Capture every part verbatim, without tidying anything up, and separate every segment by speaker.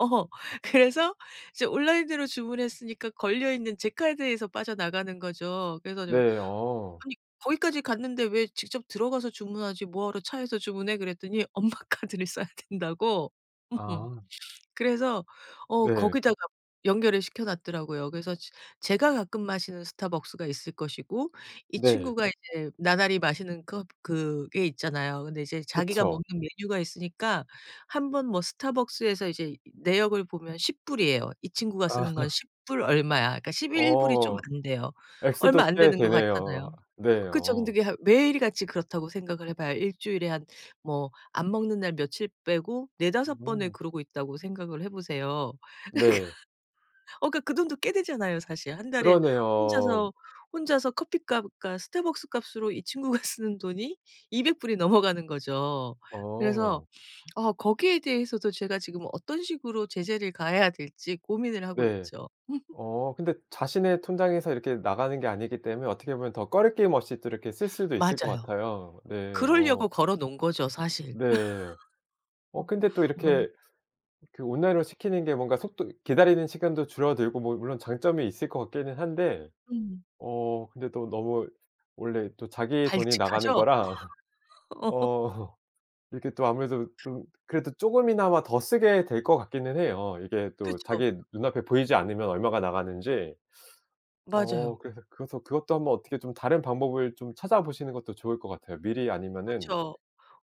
Speaker 1: 어. 그래서 이제 온라인으로 주문했으니까 걸려 있는 제 카드에서 빠져나가는 거죠. 그래 가지고
Speaker 2: 네. 어.
Speaker 1: 아니 "거기까지 갔는데 왜 직접 들어가서 주문하지 뭐하러 차에서 주문해?" 그랬더니 엄마 카드를 써야 된다고 음
Speaker 2: 아.
Speaker 1: 그래서 어
Speaker 2: 네.
Speaker 1: 거기다가 연결을 시켜 놨더라고요. 그래서 제 제가 가끔 마시는 스타벅스가 있을 것이고 이
Speaker 2: 네.
Speaker 1: 친구가 이제 나날이 마시는 것 그게 있잖아요. 근데 이제 자기가
Speaker 2: 그쵸.
Speaker 1: 먹는 메뉴가 있으니까 한번 뭐 스타벅스에서 이제 내역을 보면 십 불이에요. 이 친구가
Speaker 2: 아.
Speaker 1: 쓰는 건 십 불 얼마야. 그러니까 십일 불이 좀
Speaker 2: 어.
Speaker 1: 안돼요. 얼마
Speaker 2: 액수도
Speaker 1: 안
Speaker 2: 꽤
Speaker 1: 되는 것
Speaker 2: 되네요.
Speaker 1: 같잖아요.
Speaker 2: 네.
Speaker 1: 그쵸. 근데
Speaker 2: 어.
Speaker 1: 매일같이 그렇다고 생각을 해 봐요. 일 주일에 한 뭐 안 먹는 날 며칠 빼고 네다섯 번을
Speaker 2: 음.
Speaker 1: 그러고 있다고 생각을 해 보세요. 그니까
Speaker 2: 네.
Speaker 1: 어 그니까 그 돈도 꽤 되잖아요 사실. 한 달에
Speaker 2: 그러네요.
Speaker 1: 혼자서 혼자서 커피값과 스타벅스 값으로 이 친구가 쓰는 돈이 이백 불이 넘어가는 거죠. 그래서
Speaker 2: 어.
Speaker 1: 어 거기에 대해서도 제가 지금 어떤 식으로 제재를 가해야 될지 고민을 하고
Speaker 2: 네.
Speaker 1: 있죠.
Speaker 2: 어 근데 자신의 통장에서 이렇게 나가는 게 아니기 때문에 어떻게 보면 더 거리낌임 없이 또 이렇게 쓸 수도 있을 것
Speaker 1: 맞아요.
Speaker 2: 같아요. 네. 어.
Speaker 1: 그러려고 걸어 놓은 거죠 사실.
Speaker 2: 네.
Speaker 1: 어
Speaker 2: 어 근데 또
Speaker 1: 너무
Speaker 2: 이렇게 그 온라인으로 시키는 게 뭔가 속도 기다리는 시간도 줄어들고 뭐 물론 장점이 있을 것 같기는 한데
Speaker 1: 음.
Speaker 2: 어 근데 또 너무 원래 또 자기 돈이 나가는
Speaker 1: 발칙하죠?
Speaker 2: 거랑 어 이렇게 또 아무래도 좀 그래도 조금이나마 더 쓰게 될 것 같기는 해요. 이게 또
Speaker 1: 그쵸.
Speaker 2: 자기 눈 앞에 보이지 않으면 얼마가 나가는지. 어.
Speaker 1: 맞아요.
Speaker 2: 그래서 그것도 그것도 한 번 어떻게 좀 다른 방법을 좀 찾아보시는 것도 좋을 것 같아요. 미리 아니면은
Speaker 1: 그쵸.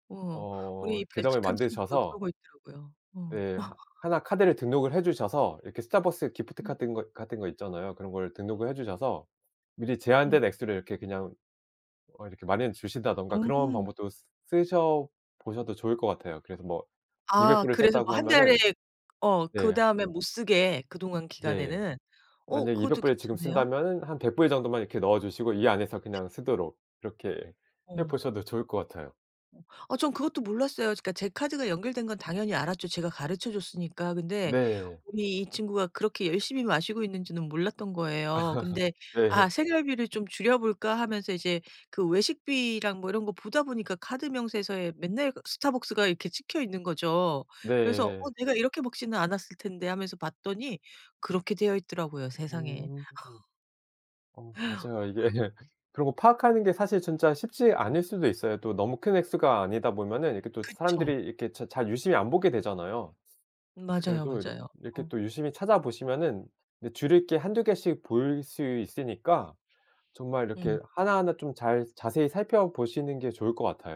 Speaker 1: 어.
Speaker 2: 어
Speaker 1: 우리
Speaker 2: 계정을
Speaker 1: 발칙한 친구도
Speaker 2: 만드셔서
Speaker 1: 그러고 있더라고요. 어.
Speaker 2: 네. 하나 카드를 등록을 해 주셔서 이렇게 스타벅스 기프트
Speaker 1: 음.
Speaker 2: 같은 거 같은 거 있잖아요. 그런 거를 등록을 해 주셔서 미리
Speaker 1: 음.
Speaker 2: 제한된 액수를 이렇게 그냥 어 이렇게 마련해 주신다든가 그런
Speaker 1: 음.
Speaker 2: 방법도 쓰셔 보셔도 좋을 것 같아요. 그래서 뭐 이백
Speaker 1: 아.
Speaker 2: 불을
Speaker 1: 그래서 뭐
Speaker 2: 썼다고
Speaker 1: 한 달에
Speaker 2: 하면은
Speaker 1: 어.
Speaker 2: 네.
Speaker 1: 그다음에 못쓰게 그동안
Speaker 2: 네.
Speaker 1: 기간에는 어
Speaker 2: 만약 이백
Speaker 1: 그것도
Speaker 2: 불을 지금
Speaker 1: 괜찮네요.
Speaker 2: 쓴다면은 한 백 불 정도만 이렇게 넣어 주시고 이 안에서 그냥 쓰도록 이렇게 해
Speaker 1: 어.
Speaker 2: 보셔도 좋을 것 같아요.
Speaker 1: 어 저는 그것도 몰랐어요. 그니까 제 카드가 연결된 건 당연히 알았죠 제가 가르쳐 줬으니까. 근데
Speaker 2: 네.
Speaker 1: 이 이 친구가 그렇게 열심히 마시고 있는지는 몰랐던 거예요. 근데 '아
Speaker 2: 네.
Speaker 1: 생활비를 좀 줄여볼까.' 하면서 이제 그 외식비랑 뭐 이런 거 보다 보니까 카드 명세서에 맨날 그 스타벅스가 이렇게 찍혀 있는 거죠. 그래서
Speaker 2: 네.
Speaker 1: 어 내가 이렇게 먹지는 않았을 텐데 하면서 봤더니 그렇게 되어 있더라고요. 세상에.
Speaker 2: 음. 어 맞아요. 이게 그리고 파악하는 게 사실 진짜 쉽지 않을 수도 있어요. 또 너무 큰 액수가 아니다 보면은 이렇게 또
Speaker 1: 그쵸.
Speaker 2: 사람들이 이렇게 잘 유심히 안 보게 되잖아요.
Speaker 1: 맞아요,
Speaker 2: 그래도 이렇
Speaker 1: 맞아요.
Speaker 2: 이렇게
Speaker 1: 어.
Speaker 2: 또 유심히 찾아보시면은 줄일 게 한두 개씩 보일 수 있으니까 정말
Speaker 1: 음.
Speaker 2: 이렇게 하나하나 좀 잘 자세히 살펴보시는 게 좋을 것 같아요.